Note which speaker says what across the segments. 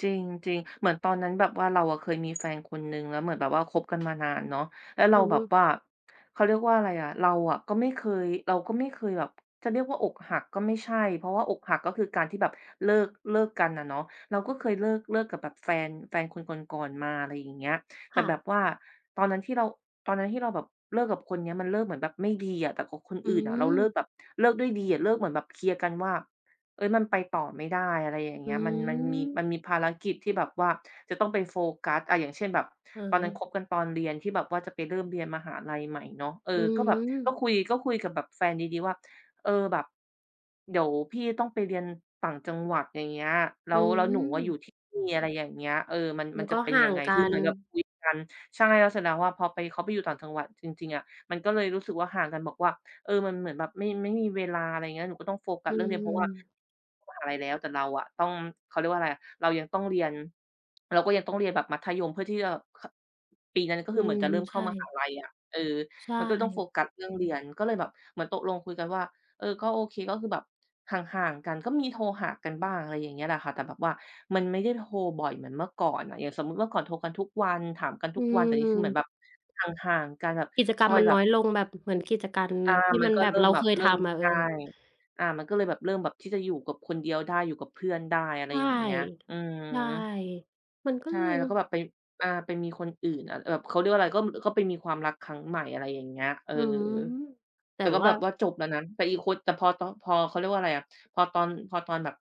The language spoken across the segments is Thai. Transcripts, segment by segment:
Speaker 1: จริง จริง เหมือนตอนนั้นแบบว่า เราเคยมีแฟนคนหนึ่ง แล้วเหมือนแบบว่าคบกัน มานานเนาะ แล้วเร
Speaker 2: อ
Speaker 1: า
Speaker 2: ือ
Speaker 1: แบ
Speaker 2: ฮ
Speaker 1: บ
Speaker 2: ึ
Speaker 1: ว่า เขาเรียกว่าอะไรอะ เราอะก็ไม่เคย เราก็ไม่เคยแบบ จะเรียกว่าอกหักก็ไม่ใช่ เพราะว่าอกหักก็คือการที่แบบเลิก เลิกกันอะเนาะ เราก็เคยเลิก เลิกกับแบบแฟน แฟนคนก่อน ๆ มา อะไรอย่างเงี้ย แต
Speaker 2: ค
Speaker 1: ่
Speaker 2: ่
Speaker 1: แบ
Speaker 2: ะ
Speaker 1: บว่าตอนนั้นที่เรา ตอนนั้นที่เราแบบเลิกกับคนนี้ มันเลิกเหมือนแบบไม่ดีอะ แต่กับคน
Speaker 2: อื
Speaker 1: อื่นอะเราเลิก
Speaker 2: ม
Speaker 1: แบบ เลิกด้วยดีอะ เลิกเหมือนแบบเคลียร์กันว่า "เฮ่ย มันไปต่อไม่ได้" อะไรอย่างเง
Speaker 2: อ
Speaker 1: ี
Speaker 2: ื
Speaker 1: ้ย มัน มันมี มัน
Speaker 2: ม
Speaker 1: มีภารกิจที่แบบว่าจะต้องไปโฟกัส อา อย่างเช่น แบบ
Speaker 2: อือ
Speaker 1: ตอน
Speaker 2: ฮ
Speaker 1: นั้นค
Speaker 2: ึ
Speaker 1: บกันตอนเรียน ที่แบบว่าจะไปเริ่มเรียนมหาลัยใหม่เนาะ เออ
Speaker 2: อื
Speaker 1: ก็แบบก็
Speaker 2: ม
Speaker 1: คุย ก็คุยกับแบบแฟนดี ๆ ว่า "เออ แบบเดี๋ยวพี่ต้องไปเรียนต่างจังหวัด อย่างเงี้ย แล้
Speaker 2: อื
Speaker 1: ว แล้วหนูอะอยู
Speaker 2: ม
Speaker 1: ่ที่ นี่" อะไรอย่างเงี้ย เออ "มัน
Speaker 2: แ
Speaker 1: ม
Speaker 2: ล
Speaker 1: ั
Speaker 2: ้
Speaker 1: น
Speaker 2: ว
Speaker 1: จ
Speaker 2: ก
Speaker 1: ะ
Speaker 2: ็
Speaker 1: เป็น
Speaker 2: ห่า
Speaker 1: ยัง
Speaker 2: ง
Speaker 1: ไง?"
Speaker 2: กั
Speaker 1: คือเหม
Speaker 2: น
Speaker 1: ือนกับคุยกัน ใช่ แล้วเสร็จแล้วอะพอไป เขาไปอยู่ต่างจังหวัดจริง ๆ อะ มันก็เลยรู้สึกว่าห่างกัน บอกว่า เออ มันเหมือนแบบไม่ ไม่มีเวลา อะไรอย่างเงี้ย หนูก็ต้องโฟกั
Speaker 2: อ
Speaker 1: ส
Speaker 2: ื
Speaker 1: เรื่องนี้ เพราะว่า
Speaker 2: ม
Speaker 1: มหาลัยแล้ว แต่เราอะต้อง เขาเรียกว่าอะไรอะ เรายังต้องเรียน เราก็ยังต้องเรียนแบบมัธยมเพื่อที่จะ ข ปีนั้นก็
Speaker 2: อ
Speaker 1: ค
Speaker 2: ื
Speaker 1: ือเหมือ
Speaker 2: ม
Speaker 1: นจะเริ่ม
Speaker 2: ใ
Speaker 1: เ
Speaker 2: ช
Speaker 1: ข้ามหา
Speaker 2: ่
Speaker 1: ลัยอะ เออ
Speaker 2: ใช
Speaker 1: มันก็ต้องโฟ
Speaker 2: ่
Speaker 1: กัส เรื่องเรียน ก็เลยแบบเหมือนตกลงคุยกันว่า เออ ก็โอเค ก็คือแบบห่าง ๆ กัน ก็มีโทรหากันบ้าง อะไรอย่างเงี้ยแหละค่ะ แต่แบบว่ามันไม่ได้โทรบ่อยเหมือนเมื่อก่อนอะ อย่างสมมุติว่าเมื่อก่อนโทรกันทุกวัน ถามกันท
Speaker 2: อ
Speaker 1: ุ
Speaker 2: ื
Speaker 1: กวัน แต่นี้คือเหมือ
Speaker 2: ม
Speaker 1: นแบบห่าง ๆ กัน แบบ
Speaker 2: กิจก
Speaker 1: ค
Speaker 2: รรม
Speaker 1: อย
Speaker 2: มัน
Speaker 1: แบ
Speaker 2: น้
Speaker 1: บ
Speaker 2: อยลง แบบเหมือนกิจกรรม
Speaker 1: อา
Speaker 2: ที่
Speaker 1: ม
Speaker 2: ม
Speaker 1: ัน
Speaker 2: ัน
Speaker 1: ก็
Speaker 2: แบ
Speaker 1: เ
Speaker 2: บ
Speaker 1: ริ่
Speaker 2: เ
Speaker 1: ม
Speaker 2: รา
Speaker 1: แบ
Speaker 2: เค
Speaker 1: บ
Speaker 2: ย
Speaker 1: เริ
Speaker 2: ท
Speaker 1: ่ม
Speaker 2: ำอะ เ
Speaker 1: ใ
Speaker 2: อ
Speaker 1: ช่
Speaker 2: อ
Speaker 1: อา มันก็เลยแบบเริ่มแบบจะอยู่กับคนเดียวได้ อยู่กับเพื่อนได้ อะไ
Speaker 2: ใ
Speaker 1: ร
Speaker 2: ช่
Speaker 1: อย่างเงี้ย อืม
Speaker 2: ใช่ มันก็
Speaker 1: ใช่
Speaker 2: เลย
Speaker 1: แล้วก็แบบไป อ่า ไปมีคนอื่น อา แบบ เขาเรียกว่าอะไร ก็ ม ก็ไปมีความรักครั้งใหม่ อะไรอย่างเงี้ย เออ
Speaker 2: อืม แต
Speaker 1: แ
Speaker 2: ่
Speaker 1: ต่ก็
Speaker 2: ว
Speaker 1: แบ
Speaker 2: ่า
Speaker 1: บว่าจบแล้วนะ แต่อีกคน แต่พอตอน พอ เขาเรียกว่าอะไรอะ พอตอน พอตอนแบบ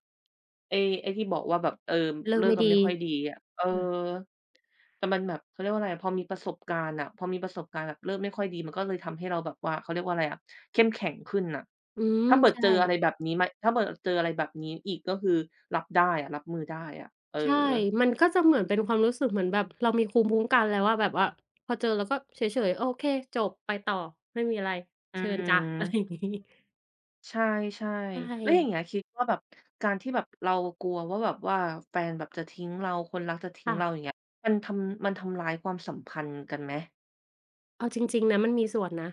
Speaker 1: ไอ้ ไอ้ที่บอกว่าแบบ เออ
Speaker 2: เลิ
Speaker 1: เล
Speaker 2: ก
Speaker 1: ิ
Speaker 2: ไม
Speaker 1: ก
Speaker 2: ่
Speaker 1: กัน
Speaker 2: ด
Speaker 1: ไม่
Speaker 2: ี
Speaker 1: ค่อยดีอะ เออ
Speaker 2: เออ
Speaker 1: แต่มันแบบ เขาเรียกว่าอะไรอะ พอมีประสบการณ์อะ พอมีประสบการณ์แบบเริ่มไม่ค่อยดี มันก็เลยทำให้เราแบบว่า เขาเรียกว่าอะไรอะ เข้มแข็งขึ้นอะ
Speaker 2: อืม
Speaker 1: ถ้าเปิด
Speaker 2: ใช่
Speaker 1: เจออะไรแบบนี้มา ถ้าเปิดเจออะไรแบบนี้อีกก็คือรับได้ รับมือได้อะ เออ
Speaker 2: ใช่ มันก็จะเหมือนเป็นความรู้สึกเหมือนแบบ เรามีภูมิคุ้มกัน แล้วอะ แบบว่าพอเจอแล้วก็เฉย ๆ โอเค จบ ไปต่อ ไม่มีอะไร
Speaker 1: อื
Speaker 2: เชิญจ่ะ อะไรอย
Speaker 1: ม
Speaker 2: ่างงี้
Speaker 1: ใช่
Speaker 2: ใช
Speaker 1: ๆ แล้วอย่าง
Speaker 2: ่
Speaker 1: งี้คิดว่าแบบการที่แบบเรากลัวว่าแบบว่าแฟนแบบจะทิ้งเรา คนรักจะทิ
Speaker 2: ค
Speaker 1: ้ง
Speaker 2: ่
Speaker 1: เ
Speaker 2: ะ
Speaker 1: รา อย่างเงี้ย มันทำ มันทำร้ายความสัมพันธ์กันไหม?
Speaker 2: เอาจริง ๆ นะมันมีส่วนนะ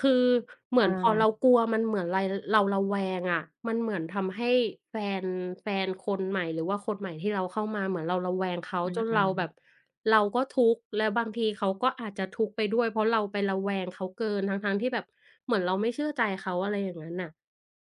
Speaker 2: คือเหมือนพอเ
Speaker 1: เออ
Speaker 2: รากลัว มันเหมือนไร เราระแวงอะมันเหมือน ทำให้แฟน แฟนคนใหม่ หรือว่าคนใหม่ที่เราเข้ามา เหมือนเราระแวงเขา
Speaker 1: อื
Speaker 2: จนเรา
Speaker 1: อ
Speaker 2: แบ
Speaker 1: ๆ
Speaker 2: บเราก็ทุกข์ แล้วบางทีเขาก็อาจจะทุกข์ไปด้วย เพราะเราไประแวงเขาเกินทั้ง ๆ ที่แบบ เหมือนเราไม่เชื่อใจเขา อะไรอย่างนั้นน่ะ